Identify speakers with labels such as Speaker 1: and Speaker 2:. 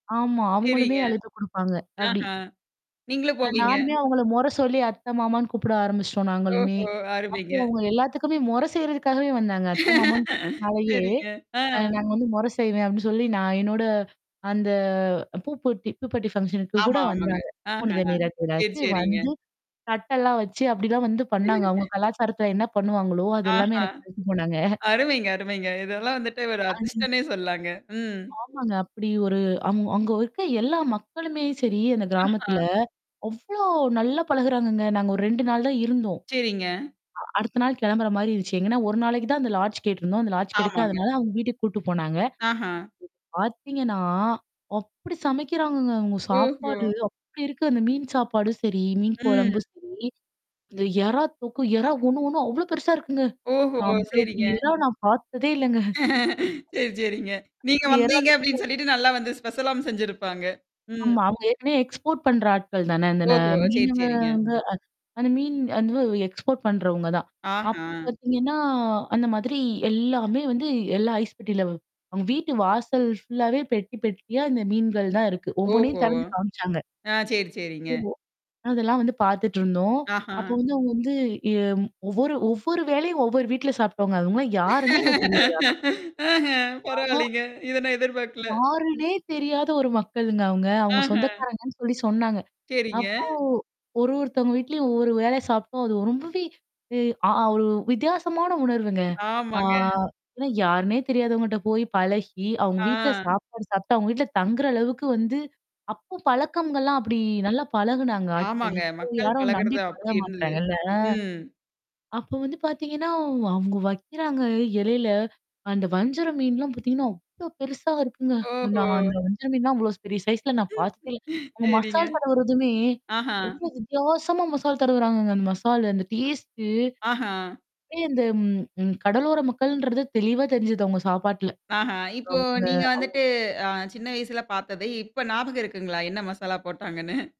Speaker 1: ஆமா. அவங்களுமே
Speaker 2: செரிங்க.
Speaker 1: அழுத்தம் குடுப்பாங்க. அப்டி.
Speaker 2: ஆஹா. நீங்களும்
Speaker 1: அ
Speaker 2: போவீங்க?
Speaker 1: நானுமே அவங்கள மொற சொல்லி அத்தை, மாமான்னு கூப்பிட ஆரம்பிச்சுட்டோம் நாங்களுமே.
Speaker 2: ஓஹோ!
Speaker 1: அப்போ
Speaker 2: அருமைங்க.
Speaker 1: அவங்க எல்லாத்துக்குமே மொறை செய்றதுக்காகவே வந்தாங்க. அத்தை, மாமன்னு கூப்பி்டனாலயே.
Speaker 2: சரிங்க. ஆ.
Speaker 1: அ நாங்க வந்து மொற செய்வேன் அப்டி சொல்லி, நான் என்னோட அந்த ப்யுபெர்ட்டி, ஃபங்ஷனுக்கு கூட
Speaker 2: ஆமா, ஆமாங்க.
Speaker 1: வந்தாங்க. பூப்புணித
Speaker 2: ஆஹ.
Speaker 1: நீராட்டு
Speaker 2: செரி,
Speaker 1: விழாவுக்கு
Speaker 2: செரிங்க.
Speaker 1: வந்து. தட்டெல்லாம் வச்சு அப்டிலாம் வந்து பண்ணாங்க. அவங்க கலாச்சாரத்துல என்ன பண்ணுவாங்களோ, அது எல்லாமே
Speaker 2: ஆஹா!
Speaker 1: எனக்கு வச்சு போனாங்க.
Speaker 2: அருமைங்க, அருமைங்க. இதெல்லாம் வந்துட்டு ஒரு
Speaker 1: ஆ. நீ
Speaker 2: அதிர்ஷ்டன்னே சொல்லாங்க. ம்.
Speaker 1: ஆமாங்க. அப்படி ஒரு அங் அங்க இருக்க எல்லா மக்களுமே சரி அந்த
Speaker 2: ஆஹா.
Speaker 1: கிராமத்துல. அவ்ளோ நல்லா பழகுறாங்கங்க. நாங்க ஒரு 2 நாள் தான் இருந்தோம்.
Speaker 2: செரிங்க.
Speaker 1: அ அடுத்த நாள் கிளம்புற மாரி இருந்துச்சு. எங்கன்னா, ஒரு நாளைக்கு தான் அந்த லாட்ஜ் கேட்டருந்தோம். அந்த லாட்ஜ்
Speaker 2: ஆமாங்க.
Speaker 1: கெடைக்காதனால அவுங்க வீட்டுக்கு கூட்டு போனாங்க.
Speaker 2: ஆஹா.
Speaker 1: பார்த்தீங்கன்னா, அப்படி சமைக்கிறாங்கங்க, அவுங்க
Speaker 2: ஓஹோ!
Speaker 1: சாப்பாடு அப்படி இருக்கு. அந்த மீன் சாப்பாடு சரி, மீன்
Speaker 2: ம்.
Speaker 1: குழம்பு சரி. அந்த எறா தோக்கு எறா ஒண்ணு ஒண்ணு அவ்ளோ பெருசா இருக்குங்க.
Speaker 2: ஓஹோ!
Speaker 1: அவ்ளோ
Speaker 2: செரிங்க.
Speaker 1: பெரிய எறா நான் பார்த்ததே இல்லங்க.
Speaker 2: செரி, செரிங்க. நீங்க வந்தீங்க
Speaker 1: ஏரால்.
Speaker 2: அப்படின்னு சொல்லிட்டு நல்லா வந்து ஸ்பெஷலாம் செஞ்சிருப்பாங்க. ம்.
Speaker 1: ஆமா அவங்க ஏற்கனவே எக்ஸ்போர்ட் பண்ற ஆட்கள் தானே. அந்த ந
Speaker 2: ஓஹோ! செரி,
Speaker 1: மீனவ
Speaker 2: செரிங்க.
Speaker 1: வந்து அ அந்த மீன் அது எக்ஸ்போர்ட் பண்றவங்க தான். அப்போ
Speaker 2: ஆஹா.
Speaker 1: பார்த்தீங்கன்னா, அந்த மாதிரி எல்லாமே வந்து எல்லா ஐஸ் பெட்டிலவ அங்க வீட்டு வாசல் ஃபுல்லாவே பெட்டி, பெட்டியா இந்த மீன்கள் தான் இருக்கு. ஒவ்வொண்ணையும்
Speaker 2: ஓஹோ!
Speaker 1: திறந்து காமிச்சாங்க.
Speaker 2: அ செரி, செரிங்க.
Speaker 1: ஓ. அதெல்லாம் வந்து பாத்துட்ருந்தோம்.
Speaker 2: ஆஹா!
Speaker 1: அப்போ வந்து அவுங்க வந்து எ ஒவ்வொரு ஒவ்வொரு வேளையும் ஒவ்வொரு வீட்ல சாப்டோங்க. அவுங்கல்லாம் யாருன்னே எங்களுக்கு தெரியாது. ஆனா.
Speaker 2: ஆஹ.
Speaker 1: ஆனா.
Speaker 2: பரவாயில்லங்க. இத நான் எதிர்பார்க்கல. ம்.
Speaker 1: யாருனே தெரியாத ஒரு மக்களுங்க அவங்க. அவங்க
Speaker 2: ஆஹ.
Speaker 1: சொந்தக்காரங்கன்னு சொல்லி சொன்னாங்க.
Speaker 2: செரிங்க.
Speaker 1: அப்போ ஒரு ஒருத்தவங்க வீட்லயும் ஒவ்வொரு வேள சாப்ட்டோம். அது ரொம்பவே இய அ ஒரு வித்தியாசமான உணர்வுங்க. ஆ
Speaker 2: ஆமாங்க.
Speaker 1: ஏன்னா, யாருன்னே தெரியாதவங்கட்ட போய் பழகி, அவங்க வீட்ல
Speaker 2: ஆ.
Speaker 1: சாப்பாடு சாப்ட்டு, அவுங்க வீட்ல தங்குற அளவுக்கு வந்து அப்போ பழக்கம்கள்லாம் அப்படி நல்லா பழகுனாங்க ஆட்கள்.
Speaker 2: ஆமாங்க.
Speaker 1: இப்போ
Speaker 2: மக்கள்
Speaker 1: யாரும் நம்பி
Speaker 2: பழகுறது
Speaker 1: பழக
Speaker 2: அப்படி இருந்தது.
Speaker 1: மாட்றாங்க இல்ல அ?
Speaker 2: ம்.
Speaker 1: அப்ப வந்து பார்த்தீங்கன்னா, அவ் அவங்க வைக்கிறாங்க இலையில, அந்த வஞ்சர மீன்லாம் பார்த்தீங்கன்னா, அவ்ளோ பெருசா இருக்குங்க.
Speaker 2: ஓஹோ!
Speaker 1: நான் அந்த வஞ்சர மீன் எல்லாம் நான் அவ்வளோ பெரிய சைஸ்ல நான் பார்த்துக்கே இல்ல.
Speaker 2: ம்.
Speaker 1: உங்க
Speaker 2: சரிங்க.
Speaker 1: மசால் தடவறதுமே,
Speaker 2: ஆஹா.
Speaker 1: ரொம்ப வித்தியாசமா மசால் தட்வுறாங்கங்க. அந்த மசாலு அந்த டேஸ்ட்டு.
Speaker 2: ஆஹா.
Speaker 1: அ இந்த ம் ம் கடலோர மக்கள்ன்றது தெளிவா தெரிஞ்சது அவுங்க சாப்பாடல.
Speaker 2: ஆஹா. இப்போ
Speaker 1: அவுங்க
Speaker 2: நீங்க
Speaker 1: அவுங்
Speaker 2: வந்துட்டு அ சின்ன வயசுல பார்த்தத இப்ப ஞாபகம் இருக்குங்களா, என்ன மசாலா போட்டாங்கன்னு?